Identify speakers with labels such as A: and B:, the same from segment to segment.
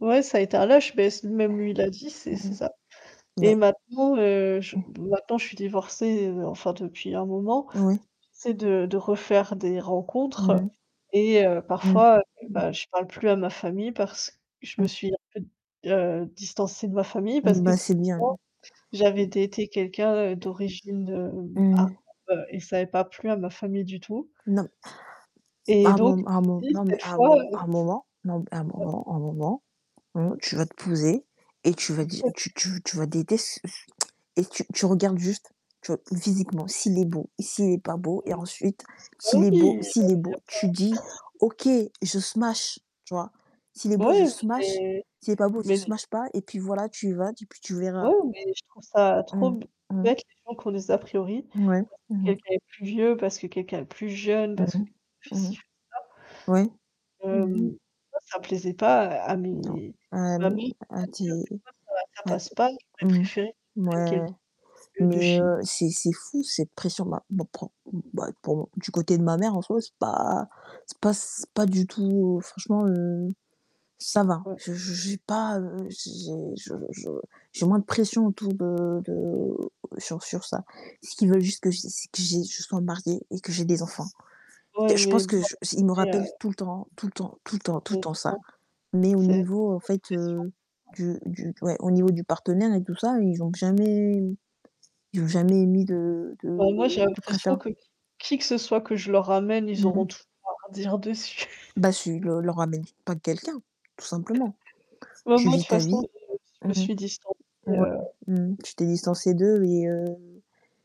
A: Ouais, ça a été un lâche mais s même lui, il l'a dit, c'est
B: Mmh
A: c'est ça
B: mh.
A: et
B: Mais
A: maintenant, heu, je
B: Mmh.
A: maintenant je suis divorcée, heu, enfin depuis un moment,
B: Oui.
A: j'essaie de de refaire des
B: Mmh
A: rencontres
B: mh.
A: et heu,
B: Mmh.
A: parfois, heu,
B: Mmh.
A: bah, je parle plus à ma famille parce je me
B: Mmh.
A: suis un peu d heu, distancée de ma famille parce
B: Mmh,
A: que
B: bah, c'est bien.
A: [unintelligible] j'avais daté quelqu'un, heu, d'origine arabe
B: Mmh.
A: et ça avait pas plu à ma famille du tout.
B: Non. À
A: Et
B: un
A: donc
B: moment à un
A: je
B: mom
A: me suis dit
B: non, mais,
A: cette
B: à un
A: fois,
B: mom
A: heu
B: à un moment, non, à un
A: Heu
B: moment un moment, mmh, tu vas te poser, et tu vas
A: Tout
B: di
A: à
B: tu
A: fait.
B: tu tu vas détes ce et tu tu regardes juste, tu vois? Physiquement, s'il est beau, s'il est pas beau et
A: Mmh.
B: ensuite,
A: Ah
B: s'il
A: oui heu,
B: est beau
A: il y a pas
B: s'il est beau, tu dis: «OK, je smash,», tu vois? «S'il est beau, je
A: Ouais,
B: smash,
A: mais
B: s'il est pas beau, je
A: mais
B: smash, pas», et puis voilà, tu y vas et puis, tu
A: Ouais
B: verras.
A: mais je trouve ça trop
B: Mmh, mmh.
A: bête les gens qui ont des a priori,
B: Ouais,
A: [unintelligible]
B: mmh.
A: quelqu'un est plus vieux, parce que quelqu'un est plus jeune
B: Mmh
A: parce que
B: mh,
A: [unintelligible]
B: mmh mh.
A: ci ou ça.
B: Ouais. Mmh mh,
A: Hem,
B: mmh.
A: bah, ça plaisait pas à à
B: Non,
A: mes
B: hem,
A: familles Bien
B: heu, tu
A: sûr,
B: es
A: c'est ça, ça ça
B: bah,
A: passe pas, ils auraient
B: mmh mh.
A: préféré que je prenne
B: Mouais,
A: quelqu'un de
B: mais,
A: chez nous
B: heu, c'est c'est fou, cette pression, bah, pour bah, pour mon du côté de ma mère, en soi, c'est pas c'est pas c pas du tout oh, franchement, heu, ça va,
A: Ouais.
B: je je j'ai pas, heu, j'ai je je j'ai moins de pression autour de de sur sur ça. Ce qu'ils veulent juste que j'aie, c'est que j'aie que je sois mariée et que j'ai des enfants.
A: Ouais,
B: Je
A: mais
B: pense
A: bon
B: que je ils me
A: tu sais, heu,
B: rappellent tout le temps, tout le temps, tout le temps, tout
A: c'est,
B: le
A: heu
B: temps
A: c'est
B: ça.
A: trop,
B: Mais au
A: c'est
B: niveau, en
A: trop de
B: fait,
A: pression,
B: heu,
A: ouais
B: du du ouais, au niveau du partenaire et tout ça, ils ont jamais Ils ont jamais émis de
A: Bah,
B: de
A: moi, j'ai
B: de préfér
A: l'impression que qui que ce soit que je leur ramène, ils
B: Mmh mh.
A: auront toujours à redire dessus.
B: Bah, tu leur leur ramènes pas de quelqu'un, tout simplement.
A: Mais
B: Tu
A: moi, de
B: vis
A: toute
B: ta vie
A: façon, j'ai je
B: mmh
A: me
B: mh.
A: suis distancée,
B: Ouais,
A: heu
B: mmh, mh. Tu t'es distancée d'eux et heu,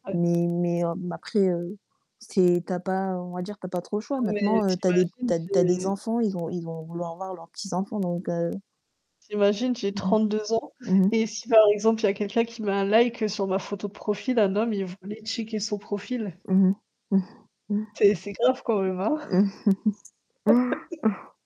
A: Ouais.
B: mais mais, heu, après, heu, c'est tu as pas, on va dire, tu as pas trop le choix.
A: Non, mais
B: Maintenant, heu,
A: tu
B: tu as des
A: imagines
B: tu as tu as des
A: j'ai
B: enfants, ils ont ils vont vouloir avoir leurs petits-enfants, donc heu
A: Tu imagines, j'ai
B: Mmh mh.
A: 32 ans
B: Mmh mh.
A: et si, par exemple, il y a quelqu'un qui met un like, heu, sur ma photo de profil, un homme, ils voulaient checker son profil.
B: Mmh mh.
A: C'est c'est grave quand même, hein.